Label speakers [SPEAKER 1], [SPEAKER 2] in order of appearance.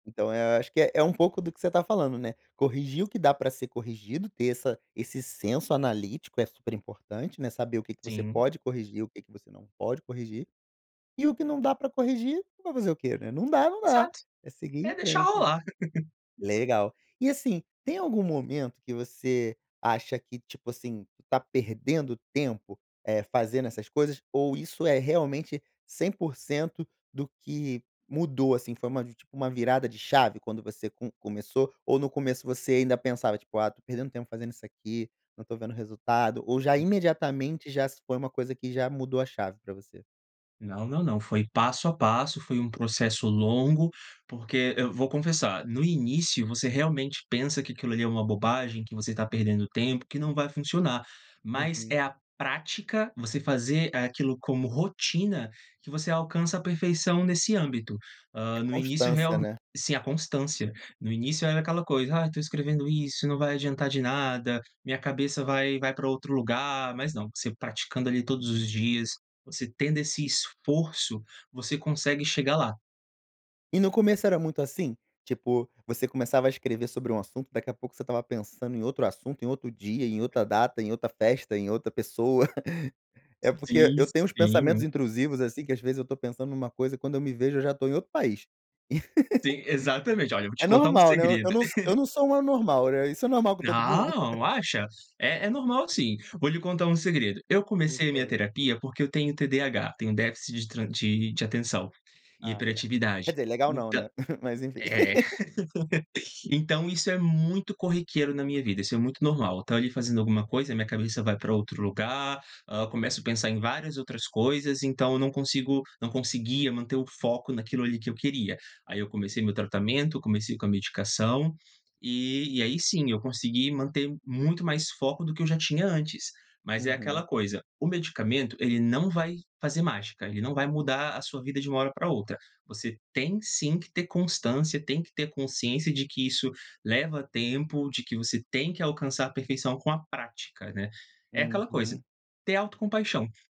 [SPEAKER 1] Então eu acho que é é um pouco do que você está falando, né, corrigir o que dá pra ser corrigido, ter essa esse senso analítico, é super importante, né, saber o que que você
[SPEAKER 2] Sim.
[SPEAKER 1] pode corrigir, o que que você não pode corrigir. E o que não dá pra corrigir vai fazer o quê, né? Não dá, não dá,
[SPEAKER 2] Exato.
[SPEAKER 1] é seguir
[SPEAKER 2] É
[SPEAKER 1] em
[SPEAKER 2] deixar
[SPEAKER 1] frente.
[SPEAKER 2] rolar.
[SPEAKER 1] Legal. E assim, tem algum momento que você acha que, tipo assim, tu está perdendo tempo, eh, fazendo essas coisas ou isso é realmente 100% do que mudou, assim, foi uma vi tipo, uma virada de chave quando você com começou ou no começo, ou no começo você ainda pensava tipo: "Ah, estou perdendo tempo fazendo isso aqui, não estou vendo resultado" ou já,
[SPEAKER 2] Hum.
[SPEAKER 1] imediatamente, já foi uma coisa que já mudou a chave pra você?
[SPEAKER 2] Não, não, não, foi passo a passo, foi um processo longo. Porque eu vou confessar no início você realmente pensa que aquilo ali é uma bobagem, que você está perdendo tempo, que não vai funcionar. Mas é
[SPEAKER 1] Uhum.
[SPEAKER 2] a prática, você fazer aquilo como rotina, que você alcança a perfeição nesse âmbito.
[SPEAKER 1] É
[SPEAKER 2] Ah, no início
[SPEAKER 1] constância,
[SPEAKER 2] real
[SPEAKER 1] né?
[SPEAKER 2] sim, a constância. No início era aquela coisa: "Ah, estou escrevendo isso, não vai adiantar de nada. Minha cabeça vai vai pra outro lugar". Mas não, você praticando ali todos os dias, você tendo esse esforço, você consegue chegar lá.
[SPEAKER 1] E no começo era muito assim? Tipo, você começava a escrever sobre um assunto, daqui a pouco você estava pensando em outro assunto, em outro dia, em outra
[SPEAKER 2] Uhum.
[SPEAKER 1] data, em outra festa, em outra pessoa. É porque e
[SPEAKER 2] Sim,
[SPEAKER 1] eu tenho uns pensamentos
[SPEAKER 2] sim.
[SPEAKER 1] intrusivos, assim, que às vezes eu estou pensando numa coisa e quando eu me vejo eu já estou em outro país.
[SPEAKER 2] Sim, exatamente. Olha, vou te
[SPEAKER 1] É
[SPEAKER 2] contar um
[SPEAKER 1] normal, né? Eu eu
[SPEAKER 2] segredo.
[SPEAKER 1] não so eu não sou um anormal, né? Isso é normal com todo mundo?
[SPEAKER 2] Ah, acha? É é normal sim. Vou lhe contar um segredo. Eu comecei minha
[SPEAKER 1] [unintelligible]
[SPEAKER 2] terapia porque eu tenho TDAH, tenho déficit de tra de atenção e
[SPEAKER 1] Ah legal. Quer
[SPEAKER 2] hiperatividade.
[SPEAKER 1] dizer, legal não,
[SPEAKER 2] Então
[SPEAKER 1] né. Mas enfim.
[SPEAKER 2] É. Então isso é muito corriqueiro na minha vida, isso é muito normal, estou ali fazendo alguma coisa, a minha cabeça vai pra outro lugar, ah, começo a pensar em várias outras coisas, então eu não consigo não conseguia manter o foco naquilo ali que eu queria. Aí eu comecei meu tratamento, comecei com a medicação, e e aí sim, eu consegui manter muito mais foco do que eu já tinha antes. Mas é aquela
[SPEAKER 1] Uhum.
[SPEAKER 2] coisa, o medicamento ele não vai fazer mágica, ele não vai mudar a sua vida de uma hora pra outra. Você tem sim que ter constância, tem que ter consciência de que isso leva tempo, de que você tem que alcançar a perfeição com a prática, né. É aquela coisa,
[SPEAKER 1] Uhum.
[SPEAKER 2] ter autocompaixão.